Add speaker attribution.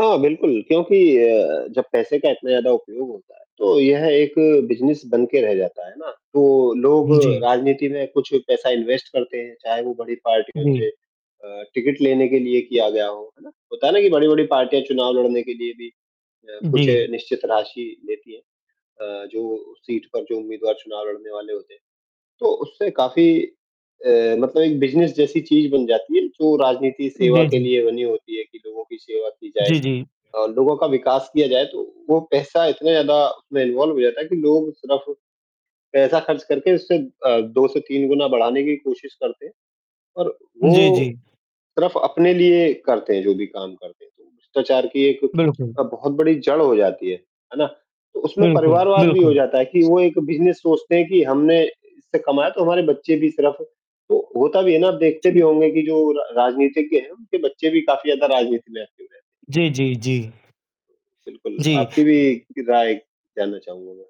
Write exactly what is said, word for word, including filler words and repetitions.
Speaker 1: हाँ, बिल्कुल क्योंकि अ, जब पैसे का इतना ज़्यादा उपयोग होता है तो यह एक बिजनेस बन के रह जाता है ना, तो लोग
Speaker 2: जी।
Speaker 1: राजनीति में कुछ पैसा इन्वेस्ट करते हैं, चाहे वो बड़ी पार्टियों
Speaker 2: जी।
Speaker 1: से अ, टिकट लेने के लिए किया गया हो, है ना? होता है ना कि बड़ी-बड़ी पार्टियाँ चुनाव लड़ने के लिए भी अ, कुछ
Speaker 2: जी।
Speaker 1: निश्चित राशि लेती है। अ, जो सीट पर जो उम्मीदवार चुनाव लड़ने वाले होते हैं, तो उससे काफ़ी अ, मतलब एक बिजनेस जैसी चीज़ बन जाती है, जो राजनीति सेवा
Speaker 2: जी,
Speaker 1: के
Speaker 2: जी।
Speaker 1: लिए बनी होती है कि लोगों की सेवा की जाए।
Speaker 2: जी, जी।
Speaker 1: अ, लोगों का विकास किया जाए, तो वो पैसा इतना ज़्यादा उसमें इन्वॉल्व हो जाता है कि लोग सिर्फ पैसा खर्च करके उससे अ, दो से तीन गुना बढ़ाने की कोशिश करते हैं, और
Speaker 2: जी,
Speaker 1: वो
Speaker 2: जी।
Speaker 1: सिर्फ अपने लिए करते हैं जो भी काम करते हैं, तो भ्रष्टाचार की एक
Speaker 2: बिल्कुल।
Speaker 1: अ, बहुत बड़ी जड़ हो जाती है, है ना? तो उसमें
Speaker 2: बिल्कुल,
Speaker 1: परिवारवाद भी हो
Speaker 2: बिल्कुल।
Speaker 1: जाता है कि वो एक बिजनेस सोचते हैं कि हमने इससे कमाया तो हमारे बच्चे भी सिर्फ तो होता भी है ना अब देखते भी
Speaker 2: जी।
Speaker 1: होंगे कि जो र राजनीतिज्ञ हैं, उनके बच्चे भी काफ़ी ज़्यादा राजनीति में एक्टिव रहते हैं।
Speaker 2: जी, जी, जी।
Speaker 1: बिल्कुल,
Speaker 2: जी।
Speaker 1: आपकी भी राय जानना चाहूँगा मैं।